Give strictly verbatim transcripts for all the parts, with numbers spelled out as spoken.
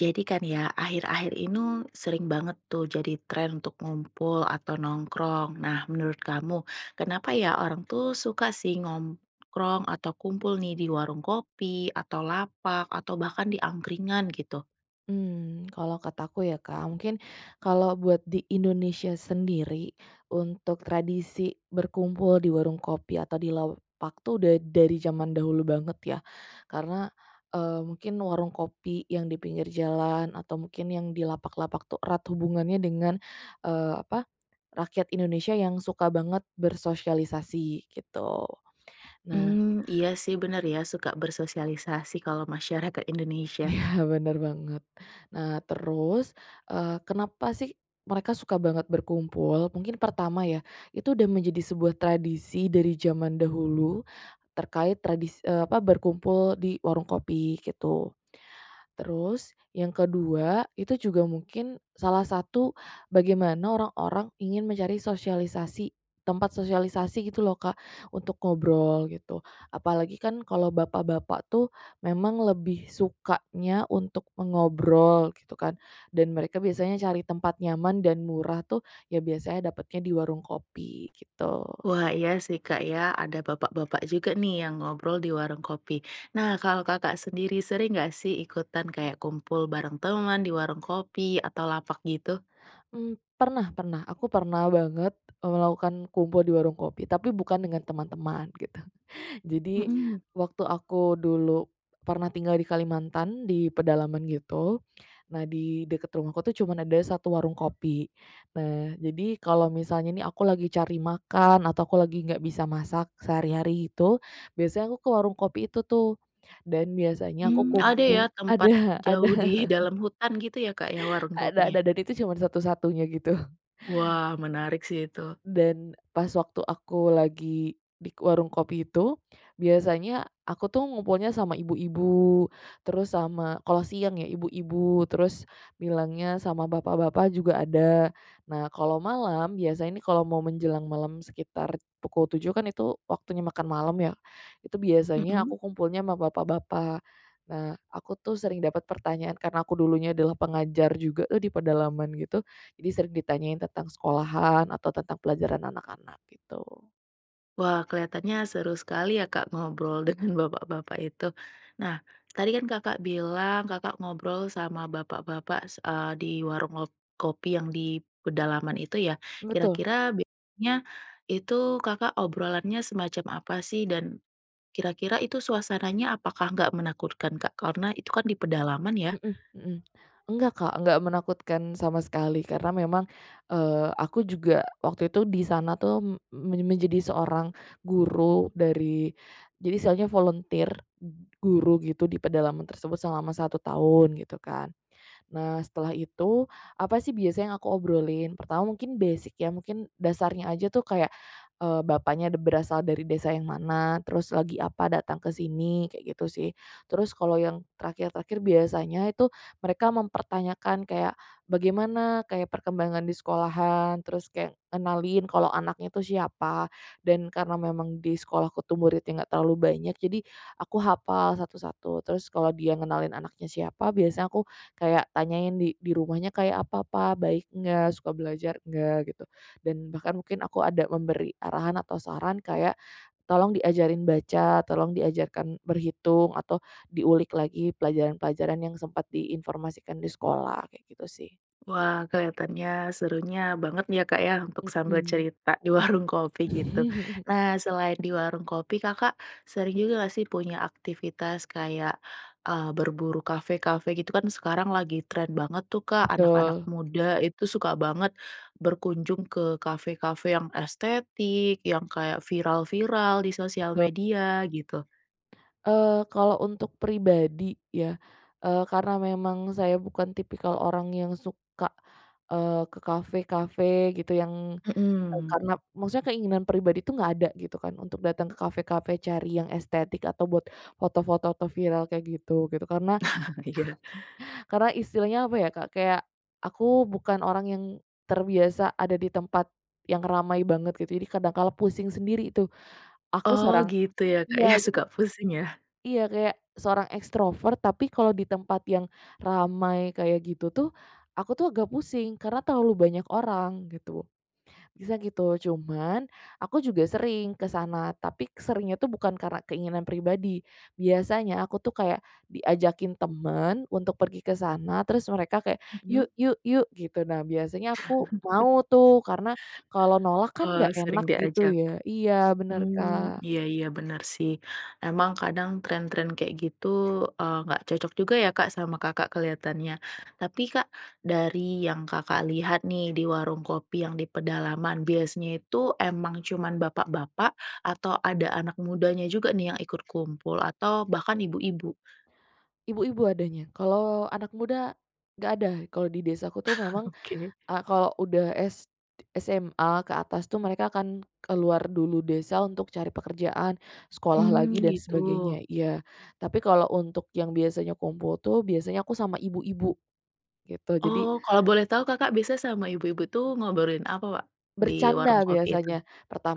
Jadi kan ya, akhir-akhir inu sering banget tuh jadi tren untuk ngumpul atau nongkrong. Nah, menurut kamu, kenapa ya orang tuh suka sih ngomkrong atau kumpul nih di warung kopi, atau lapak, atau bahkan di angkringan gitu? Mmm, kalau kataku ya Kak, mungkin kalau buat di Indonesia sendiri, untuk tradisi berkumpul di warung kopi atau di laupak tuh udah dari zaman dahulu banget ya. Karena, eee, mungkin warung kopi yang di pinggir jalan atau mungkin yang di lapak-lapak tuh erat hubungannya dengan, eee, apa, rakyat Indonesia yang suka banget bersosialisasi gitu. Nah Mmm, iya sih, bener ya, suka bersosialisasi kalau masyarakat Indonesia. Iya bener banget. Nah terus, eee, kenapa sih mereka suka banget berkumpul? Mungkin pertama ya, itu udah menjadi sebuah tradisi dari zaman dahulu, terkait tradis eee, apa, berkumpul di warung kopi gitu. Terus yang kedua itu juga mungkin salah satu bagaimana orang-orang ingin mencari sosialisasi, tempat sosialisasi gitu loh Kak, untuk ngobrol gitu. Apalagi kan kalau bapak-bapak tuh memang lebih sukanya untuk mengobrol gitu kan, dan mereka biasanya cari tempat nyaman dan murah tuh ya biasanya dapatnya di warung kopi gitu. Wah iya sih Kak ya, ada bapak-bapak juga nih yang ngobrol di warung kopi. Nah kalau Kakak sendiri, sering gak sih ikutan kayak kumpul bareng teman di warung kopi atau lapak gitu? Mmm, pernah pernah, aku pernah banget, eee, melakukan kumpul di warung kopi, tapi bukan dengan teman-teman gitu. Jadi, Hmm. waktu aku dulu pernah tinggal di Kalimantan, di pedalaman gitu. Nah di dekat rumahku tuh cuman ada satu warung kopi. Nah jadi, kalau misalnya nih aku lagi cari makan, atau aku lagi nggak bisa masak sehari-hari itu, biasanya aku ke warung kopi itu tuh dan biasanya aku Mmm, ada ya kumpul tempat ada jauh ada. di dalam hutan gitu ya Kak ya warung Ada kopinya? ada, dan itu cuman satu-satunya gitu. Wah menarik sih itu. Dan pas waktu aku lagi di k warung kopi itu, biasanya aku tuh ngumpulnya sama ibu-ibu. Terus sama kalau siang ya, ibu-ibu, terus bilangnya sama bapak-bapak juga ada. Nah kalau malam, biasanya nih kalau mau menjelang malam sekitar pukul tujuh kan itu waktunya makan malam ya, itu biasanya Mmm. aku kumpulnya sama bapak-bapak. Nah, aku tuh sering dapat pertanyaan, karena aku dulunya adalah pengajar juga, eee, di pedalaman gitu, jadi sering ditanyain tentang sekolahan atau tentang pelajaran anak-anak gitu. Wah, kelihatannya seru sekali ya Kak, ngobrol dengan bapak-bapak itu. Nah, tadi kan Kakak bilang, Kakak ngobrol sama bapak-bapak s eee, di warung ngo kopi yang di pedalaman itu ya? Betul. Kira-kira biaanya, itu Kakak obrolannya semacam apa sih, dan kira-kira itu suasananya apakah nggak menakutkan Kak? Karena itu kan di pedalaman ya. Hmm hmm, nggak Kak, nggak menakutkan sama sekali. Karena memang, eee aku juga waktu itu di sana tuh m men menjadi seorang guru dari, jadi istilahnya volunteer, ng guru gitu di pedalaman tersebut selama satu tahun gitu kan. Nah setelah itu, apa sih biasa yang aku obrolin? Pertama mungkin basic ya, mungkin dasarnya aja tuh kayak, eee, bapaknya de berasal dari desa yang mana, terus lagi apa datang ke sini, kayak gitu sih. Terus kalau yang terakhir-terakhir, biasanya itu mereka mempertanyakan kayak, bagaimana kayak perkembangan di sekolahan, terus kayak ngenalin kalau anaknya tuh siapa. Dan karena memang di sekolah tuh muridnya itu enggak terlalu banyak, jadi aku hafal satu-satu. Terus kalau dia ngenalin anaknya siapa, biasanya aku kayak tanyain, "Di di rumahnya kayak apa Pak, baik enggak, suka belajar enggak?" gitu. Dan bahkan mungkin aku ada memberi arahan atau saran, kayak, tolong diajarin baca, tolong diajarkan berhitung atau diulik lagi pelajaran-pelajaran yang sempat diinformasikan di sekolah, kayak gitu sih. Wah, kelihatannya, serunya bangetnya Kak ya, untuk sambil Hmm. cerita di warung kopi gitu. Nah selain di warung kopi, Kakak sering juga gak sih punya aktivitas kayak, eee, berburu kafe-kafe gitu? Kan sekarang lagi tren banget tuh Kak, anak-anak Betul. muda itu suka banget berkunjung ke kafe-kafe yang estetik, yang kayak viral-viral di sosial Yap. media gitu. Eee, kalau untuk pribadi ya, eee, karena memang saya bukan tipikal orang yang suka, eee, ke kafe-kafe gitu, yang, eee, Hmm. karena maksudnya keinginan pribadi itu enggak ada gitu kan, untuk datang ke kafe-kafe cari yang estetik, atau buat foto-foto atau viral kayak gitu, gitu. Karena, Iya. karena istilahnya apa ya Kak, kayak, aku bukan orang yang terbiasa ada di tempat yang ramai banget gitu. Jadi kadang kala pusing sendiri tuh, aku Oh seorang gitu ya Kak iya, ya, jadi suka pusing ya? iya kayak, seorang ekstrover tapi kalau di tempat yang ramai kayak gitu tuh, aku tuh agak pusing, karena terlalu banyak orang gitu, bisa gitu. Cuman aku juga sering ke sana, tapi k seringnya itu bukan karena keinginan pribadi. Biasanya aku tuh kayak diajakin temen untuk pergi ke sana, terus mereka kayak, Hmm. "Yuk, yuk, yuk," gitu. Nah, biasanya aku mau tuh, karena kalau nolak kan Oh nggak sering enak gitu diajak, ya iya bener mmm, Kak. iya iya bener sih. Emang kadang tren-tren kayak gitu, eee, nggak cocok juga ya Kak sama Kakak kelihatannya. Tapi Kak, dari yang Kakak lihat nih di warung kopi yang di pedalaman, biasanya itu emang cuman bapak-bapak, atau ada anak mudanya juga nih yang ikut kumpul atau bahkan ibu-ibu? Ibu-ibu adanya. Kalau anak muda, nggak ada, kalau di desa aku tuh memang, Oke. eee, kalau udah s d SMA ke atas tuh mereka akan keluar dulu desa untuk cari pekerjaan, sekolah Mmm, lagi dan gitu. sebagainya, iya. Tapi kalau untuk yang biasanya kumpul tuh, biasanya aku sama ibu-ibu, gitu. Jadi Oh, kalau boleh tahu Kakak biasa sama ibu-ibu tuh ngobrolin apa Wak di warung Bercanda kopi itu? biasanya,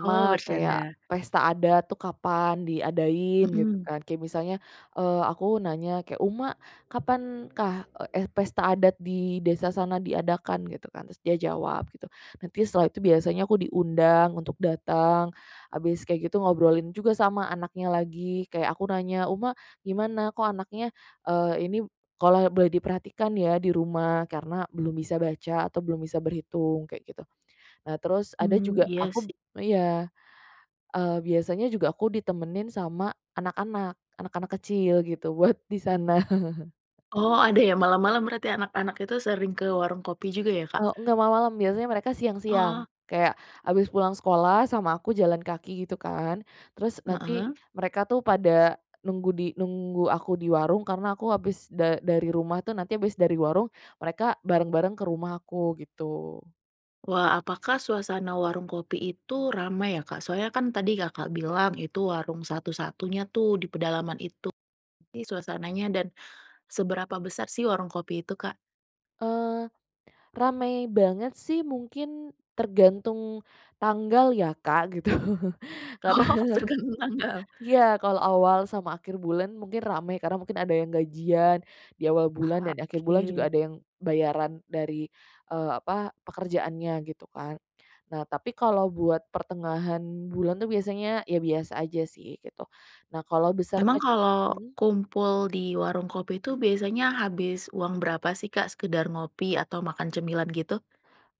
Oh bercanda. kayak pesta adat tuh kapan diadain gitu Hmm. kan. Kayak misalnya, eee, aku nanya kayak, "Uma, kapan kah," eee, eh, "pesta adat di desa sana diadakan?" gitu kan. Terus dia jawab gitu, nanti setelah itu biasanya aku diundang untuk datang, habis kayak gitu ngobrolin juga sama anaknya lagi, kayak aku nanya, "Uma, gimana? Kok anaknya," eee, "ini kalau boleh diperhatikan ya di rumah, karena belum bisa baca atau belum bisa berhitung." Kayak gitu. Eee, terus, ada Mmm, juga iya aku sih. iya, eee, biasanya juga aku ditemenin sama anak-anak, anak-anak kecil gitu, buat di sana. Oh ada ya malam-malam, berarti anak-anak itu sering ke warung kopi juga ya Kak? Eee, nggak malam-malam, biasanya mereka Oh. siang-siang. Kayak, habis pulang sekolah sama aku jalan kaki gitu kan, terus nanti Heeh. mereka tuh pada nunggu di nunggu aku di warung karena aku habis da dari rumah tuh, nanti habis dari warung, mereka bareng-bareng ke rumahku gitu. Wah, apakah suasana warung kopi itu ramai ya Kak? Soalnya kan tadi Kakak bilang, itu warung satu-satunya tuh di pedalaman itu, pi suasananya dan seberapa besar sih warung kopi itu Kak? Eee, ramai banget sih, mungkin tergantung tanggal ya Kak, gitu. Karena Oh, tergantung tanggal? iya, kalau awal sama akhir bulan mungkin ramai karena mungkin ada yang gajian, di awal bulan Aha, dan di akhir bulan juga oke. ada yang bayaran dari, eee, apa, pekerjaannya gitu kan. Nah, tapi kalau buat pertengahan bulan tuh biasanya, ya biasa aja sih gitu. Nah kalau besar Emang kalau kecil kumpul di warung kopi itu biasanya habis uang berapa sih Kak, sekedar ngopi atau makan cemilan gitu?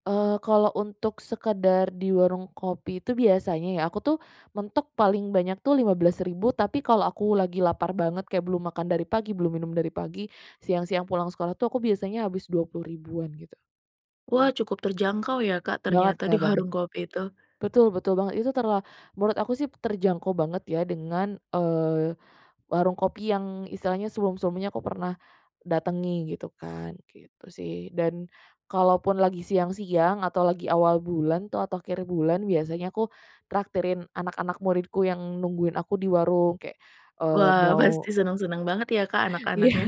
eee, kalau untuk sekedar di warung kopi itu biasanya ya, aku tuh mentok paling banyak tuh lima belas ribu, Tapi kalau aku lagi lapar banget kayak belum makan dari pagi, belum minum dari pagi, siang-siang pulang sekolah tuh aku biasanya habis dua puluh ribuan gitu. Wah cukup terjangkau ya Kak Banget ternyata di Kak, banget. warung kopi itu. Betul betul banget, itu terla menurut aku sih terjangkau banget ya dengan, eee, warung kopi yang istilahnya semum-semumnya aku pernah datangi gitu kan, gitu sih. Dan kalau pun lagi siang-siang, atau lagi awal bulan tuh, atau akhir bulan biasanya aku traktirin anak-anak muridku yang nungguin aku di warung, kayak, eee, Wah mau pasti seneng-seneng banget ya Kak Iya, anak-anaknya.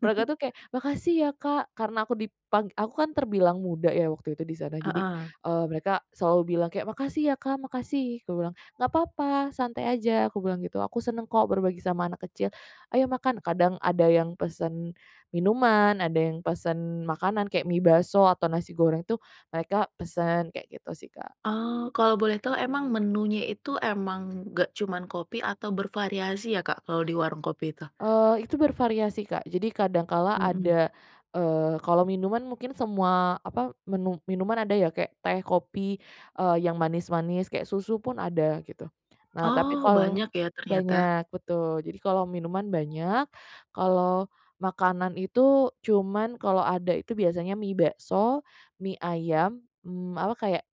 mereka tuh kayak, "Makasih ya Kak!" karena aku dipang aku kan terbilang muda ya waktu itu di sana. Jadi, Heeh. eee, mereka selalu bilang kayak, "Makasih ya Kak, makasih," aku bilang, "nggak papa santai aja," aku bilang gitu, "aku senang kok berbagi sama anak kecil, ayo makan." Kadang ada yang pesen minuman, ada yang pesen makanan, kayak mie bakso atau nasi goreng tuh mereka pesen, kayak gitu sih Kak. Oh, kalau boleh tahu emang menunya itu, emang nggak cuma kopi atau bervariasi ya Kak kalau di warung kopi itu? Eee, itu bervariasi Kak, jadi kadang kala Hmm. ada, eee, kalau minuman mungkin semua, apa, menu minuman ada ya kayak teh, kopi, eee, yang manis-manis kayak susu pun ada gitu. Nah tapi Oh kal banyak ya ternyata. banyak, betul, jadi kalau minuman banyak, kalau makanan itu, cuman, kalau ada itu biasanya mie bakso, mie ayam, mmm, apa kayak,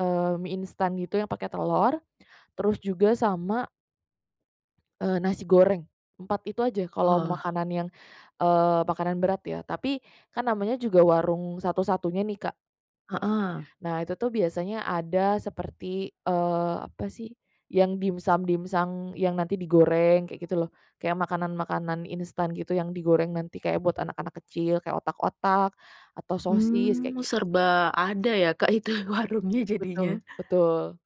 eee, mie instan gitu yang pakai telur, terus juga sama eee nasi goreng, empat itu aja kalau Oh. makanan yang, eee, makanan berat ya. Tapi kan namanya juga warung satu-satunya nih Kak, tuh. Heeh. Nah itu tuh biasanya ada seperti, eee, apa sih, yang dimsum-dimsung, yang nanti digoreng, kayak gitu loh. Kayak makanan-makanan instan gitu, yang digoreng nanti kayak buat anak-anak kecil, kayak otak-otak atau sosis kayak Mmm, gitu sih. serba ada ya Kak itu warungnya Betul, jadinya. betul,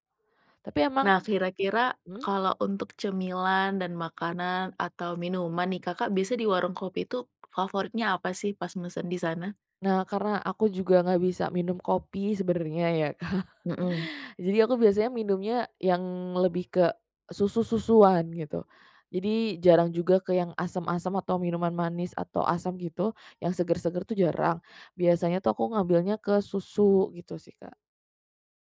tapi emang Nah kira-kira, mmm? kalau untuk cemilan dan makanan atau minuman nih, Kakak biasa di warung kopi tuh favoritnya apa sih pas mesen di sana? Nah karena aku juga nggak bisa minum kopi sebenarnya ya Kak. Hmm. Jadi aku biasanya minumnya yang lebih ke susu-susuan gitu. Jadi jarang juga ke yang asam-asam atau minuman manis, atau asam gitu yang seger-seger tuh jarang. Biasanya tuh aku ngambilnya ke susu gitu sih Kak.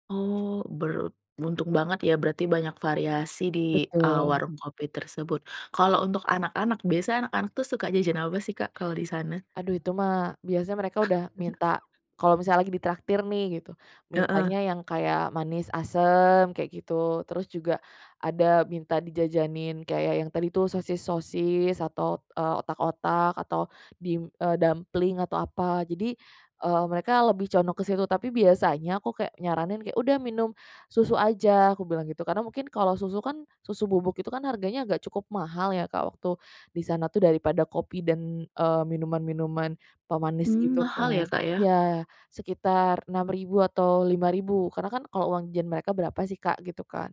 Oh beruntung banget ya, berarti banyak variasi di, eee, Betul. warung kopi tersebut. Kalau untuk anak-anak, biasanya anak-anak tuh suka jajan apa sih Kak kalau di sana? Aduh itu mah, biasa mereka udah minta kalau misalnya lagi ditraktir nih gitu, Heeh. mintanya yang kayak manis asem kayak gitu. Terus juga, ada minta dijajanin kayak yang tadi tuh, sosis-sosis atau, eee, otak-otak atau dim eee, dumpling atau apa. Jadi, eee, mereka lebih condong ke situ, tapi biasanya aku kayak nyaranin kayak, "Udah minum susu aja," aku bilang gitu. Karena mungkin kalau susu kan, susu bubuk itu kan harganya agak cukup mahal ya Kak waktu di sana tuh daripada kopi dan, eee, minuman-minuman pemanis Mmm, gitu mahal ya kan. Kak ya. Iya, sekitar enam ribu atau lima ribu karena kan kalau uang jan mereka berapa sih Kak, gitu kan.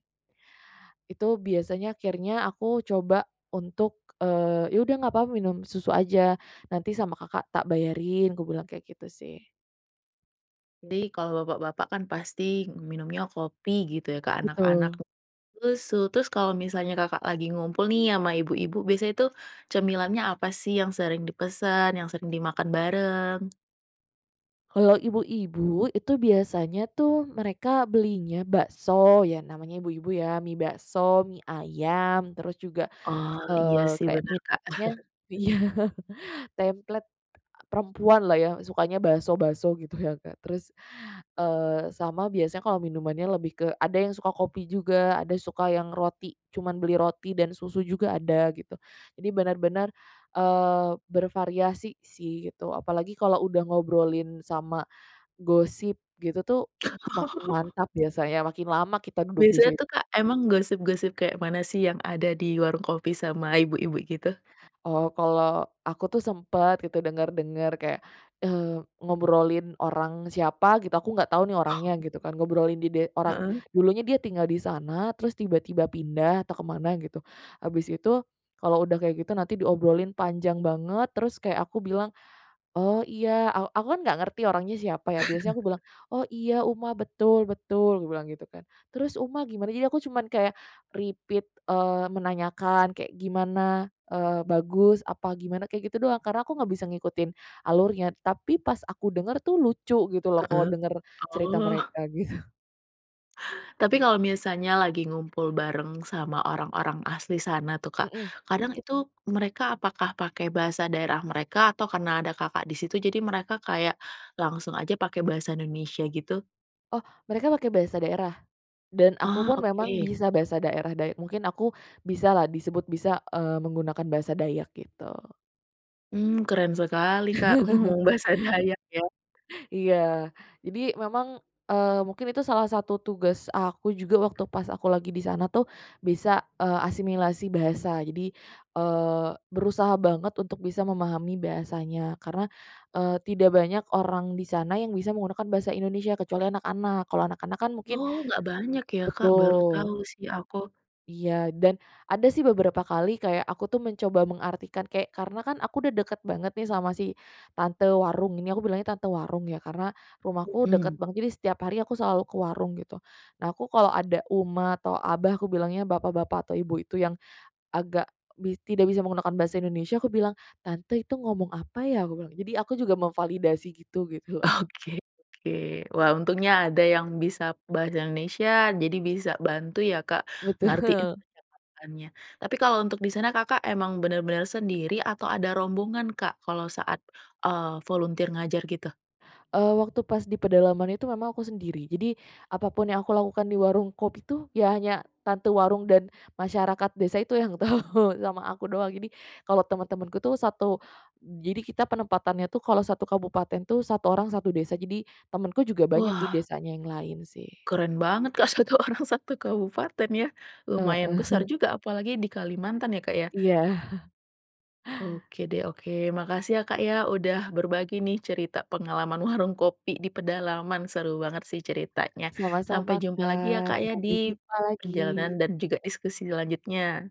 Itu biasanya, akhirnya, aku coba untuk, eee, "Ya udah nggak papa minum susu aja, nanti sama Kakak tak bayarin," aku bilang kayak gitu sih. Di, kalo bapak-bapak kan pasti minumnya kopi gitu ya, ke anak-anak k Betul. susu, terus tuh, terus kalau misalnya Kakak lagi ngumpul nih sama ibu-ibu, biasanya tuh cemilannya apa sih yang sering dipesan, yang sering dimakan bareng? Kalau ibu-ibu, itu biasanya tuh mereka belinya bakso, ya namanya ibu-ibu ya, mie bakso, mie ayam, terus juga, Oh, iya eee, sih kayak bener Kak. minumnya iya template, perempuan lah ya sukanya bakso-bakso gitu ya Kak. Terus, eee, sama biasanya kalau minumannya lebih ke ada yang suka kopi juga, ada suka yang roti, cuman beli roti dan susu juga ada gitu. Jadi benar-benar, eee, bervariasi sih gitu, apalagi kalau udah ngobrolin sama gosip gitu tuh makin Oh. mantap biasanya, makin lama kita duduk di Biasanya sit tuh Kak, emang gosip-gosip kayak mana sih yang ada di warung kopi sama ibu-ibu gitu? oh, kalau aku tuh sempet gitu denger-denger kayak, eee, ngobrolin orang siapa gitu, aku nggak tahu nih Oh. orangnya gitu kan. Ngobrolin dide orang, Heeh. dulunya dia tinggal di sana, terus tiba-tiba pindah atau ke mana gitu, habis itu, kalau udah kayak gitu nanti diobrolin panjang banget, terus kayak aku bilang, "Oh iya." Aw aku kan nggak ngerti orangnya siapa ya, biasanya aku bilang, "Oh iya Uma, betul betul," aku bilang gitu kan. "Terus Uma gimana?" jadi aku cuman kayak, repeat, eee, menanyakan kayak gimana, eee, bagus apa gimana, kayak gitu doang. Karena aku nggak bisa ngikutin alurnya, tapi pas aku denger tuh lucu gitu loh, kalau Heeh, denger cerita oh. mereka gitu. Tapi kalau misalnya lagi ngumpul bareng sama orang-orang asli sana tuh Kak, Hmm. kadang itu, mereka apakah pakai bahasa daerah mereka, atau karena ada Kakak di situ, jadi mereka kayak langsung aja pakai bahasa Indonesia gitu? Oh, mereka pakai bahasa daerah, dan aku Oh pun memang oke. bisa bahasa daerah day mungkin aku bisalah, disebut bisa, eee, menggunakan bahasa Dayak gitu. Mmm, keren sekali Kak. Ngomong bahasa Dayak ya. Iya, jadi memang, eee, mungkin itu salah satu tugas aku juga waktu pas aku lagi di sana tuh, bisa, eee, asimilasi bahasa, Jadi, eee, berusaha banget untuk bisa memahami bahasanya. Karena, eee, tidak banyak orang di sana yang bisa menggunakan bahasa Indonesia kecuali anak-anak. Kalau anak-anak kan mungkin Oh nggak banyak ya Kak, baru betul. tahu sih aku. Iya, dan ada sih beberapa kali, kayak aku tuh mencoba mengartikan, kayak, karena kan aku udah deket banget nih sama si tante warung, ini aku bilangnya "tante warung" ya, karena rumahku Hmm. deket banget, jadi setiap hari aku selalu ke warung gitu. Nah aku kalau ada uma atau abah, aku bilangnya bapak-bapak atau ibu itu yang agak bis tidak bisa menggunakan bahasa Indonesia, aku bilang, "Tante itu ngomong apa ya?" aku bilang, jadi aku juga memvalidasi gitu gitu loh. Oke oke, wah untungnya ada yang bisa bahasa Indonesia, jadi bisa bantu ya Kak Betul. ngartiin percakapannya. Tapi kalau untuk di sana Kakak emang bener-bener sendiri atau ada rombongan Kak kalau saat, eee, volunteer ngajar gitu? Eee, waktu pas di pedalaman itu memang aku sendiri. Jadi, apa pun yang aku lakukan di warung kopi tuh, ya hanya tante warung dan masyarakat desa itu yang tahu, sama aku doang. Jadi, kalau teman-temanku tuh satu jadi kita penempatannya tuh, kalau satu kabupaten tuh satu orang satu desa. Jadi, temanku juga banyak di Wah. desanya yang lain sih. Keren banget Kak, satu orang, satu kabupaten ya, lumayan Heeh. besar juga apalagi di Kalimantan ya Kak ya. Iya. Oke deh, oke, makasih ya Kak ya, udah berbagi nih cerita pengalaman warung kopi di pedalaman, seru banget sih ceritanya. Sampai Sama-sama jumpa lagi ya Kak, Kak ya di sampai jumpa kegiatan lagi. dan juga diskusi selanjutnya.